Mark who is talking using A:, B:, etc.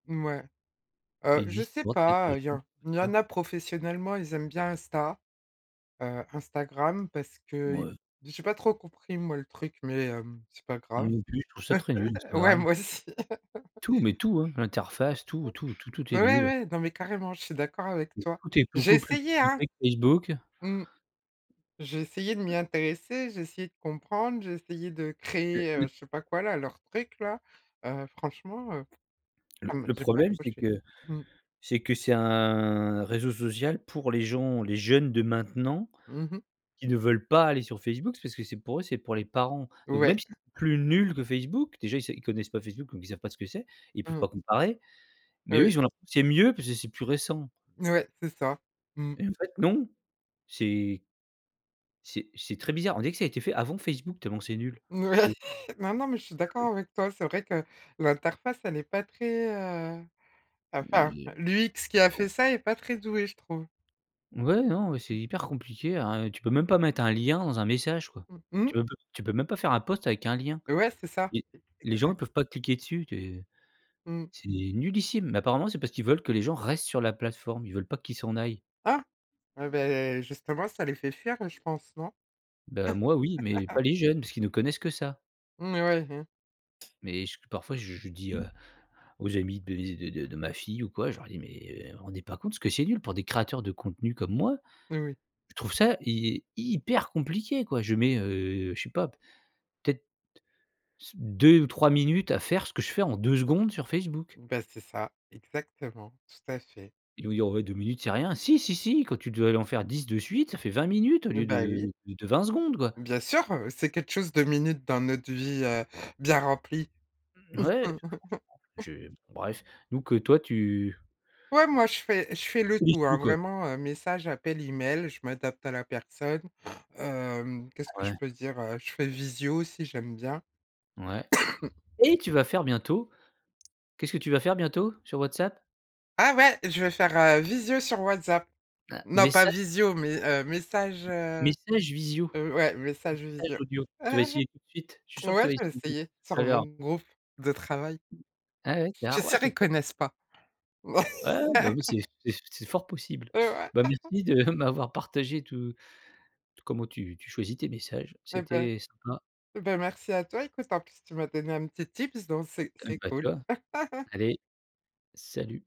A: Mouais, heu,
B: Ils
A: je
B: disent:
A: sais
B: «Bon, peut-être que
A: pas,
B: je
A: heu, il y en
B: loupe»
A: il
B: c'est
A: y en
B: sûr.
A: a professionnellement, ils aiment bien Insta, heu, Instagram, parce que i
B: Mouais.
A: j'ai pas trop compris moi le truc mais hem, c'est pas
B: Moi
A: grave.
B: non plus, je trouve ça très nul
A: Ouais,
B: Instagram.
A: moi aussi.
B: Tout mais tout, hein. L'interface tout, tout, tout, tout est
A: Ouais,
B: nul.
A: ouais, non mais carrément je suis d'accord avec
B: Et
A: toi.
B: tout est
A: J'ai
B: beaucoup plus
A: essayé, hein.
B: compliqué que Facebook.
A: Mmh. J'ai essayé de m'y
B: Mouais.
A: intéresser, j'ai essayé de comprendre, j'ai essayé de
B: Mais
A: créer,
B: le
A: heu, je sais pas quoi là, leur truc-là, heu, franchement, heu,
B: Le
A: ça me
B: le
A: j'ai pas
B: problème, c'est
A: accroché.
B: que
A: Mmh.
B: c'est que c'est un réseau social pour les gens les jeunes de maintenant
A: Mmh mh.
B: qui ne veulent pas aller sur Facebook parce que c'est pour c'est pour les parents. Donc,
A: Ouais.
B: même si c'est plus nul que Facebook, déjà ils sav ils connaissent pas Facebook donc ils savent pas ce que c'est. Ils peuvent
A: Mmh mh.
B: pas comparer. Mais eux,
A: Oui.
B: ils ont l'impression c'est mieux parce que c'est plus récent.
A: Ouais, c'est ça. Mmh.
B: Et en fait, non, c'est c'est c'est très bizarre. On dirait que ça a été fait avant Facebook tellement que c'est nul, je
A: Ouais.
B: trouve.
A: Non, non mais je suis
B: C'est très z
A: d'accord avec toi. C'est vrai que l'interface elle est pas très, heu, enfin
B: Mais
A: l'UX qui a
B: com
A: fait ça est pas très doué je trouve.
B: Ouais, non, ouais, c'est hyper compliqué, hein. Tu peux même pas mettre un lien dans un message, quoi.
A: Mmh mh?
B: Tu on peut tu peux même pas faire un post avec un lien.
A: Ouais, c'est ça.
B: Les
A: C'est
B: les gens,
A: exa
B: ils peuvent pas cliquer dessus, tu
A: Mmh.
B: c'est nullissime mais apparemment c'est parce qu'ils veulent que les gens restent sur la plateforme. Ils veulent pas qu'ils s'en aillent.
A: Ah, eh ben, justement ça les fait fuir, heu, je pense, non?
B: Ben, moi oui mais pas les jeunes parce qu'ils ne connaissent que ça.
A: Mmh ouais, hein.
B: Mais j parfois je je dis, heu, aux amis de ze de de de ma fille ou quoi, je leur dis: «Mais eh, vous vous rendez pas compte parce que c'est nul pour des créateurs de contenus comme moi».
A: Oui.
B: Je trouve ça hy hyper compliqué quoi. Je mets, heu, je sais pas peut-être c 2 ou 3 minutes à faire ce que je fais en 2 secondes sur Facebook.
A: Ben, c'est ça, exactement, tout à fait.
B: Ou il y aurait 2 minutes c'est rien. Si, si, si quand tu dois aller en faire 10 de suite ça fait 20 minutes au lieu
A: Heu bah oui.
B: de de de 20 secondes, quoi.
A: Bien sûr, heu, c'est quelque chose 2 minutes dans notre vie, heu, bien remplie.
B: Mouais, franchement, je bref, nous que toi tu
A: Ouais, moi je fais je fais le tout, hein,
B: [unintelligible]
A: vraiment, heu, message, appel, email. Je m'adapte à la personne, hem, qu'est-ce que je
B: Ouais.
A: peux dire, heu, je fais visio aussi j'aime bien.
B: Ouais et tu vas faire bientôt qu'est-ce que tu vas faire bientôt? Sur WhatsApp?
A: Ah ouais, je vais faire, heu, visio sur WhatsApp.
B: Un
A: Non pas
B: message?
A: visio mais heu, message,
B: M
A: heu,
B: message visio
A: ouais,
B: pas
A: message
B: message
A: visio.
B: audio, tu vas essayer tout de suite. Je suis sûr que tu
A: Ouais,
B: vas
A: je vais
B: [unintelligible]
A: essayer
B: tout à
A: sur mon
B: l'heure.
A: groupe de travail.
B: Ah ouais. C'est
A: Je
B: ah,
A: suis
B: ouais,
A: sûre,
B: c'est
A: ils
B: trop
A: connaissent pas.
B: Ouais, ouais, ben, en plus, c'est c'est c'est fort possible.
A: Heu, ouais.
B: Bah merci de m'avoir partagé tout comment tu tu choisis tes messages.
A: Eh ben
B: C'était sympa.
A: eh ben, merci à toi. Écoute en plus tu m'as donné un petit tips donc, c'est
B: Eh
A: c'est
B: ben tu
A: cool.
B: vois. Allez, salut!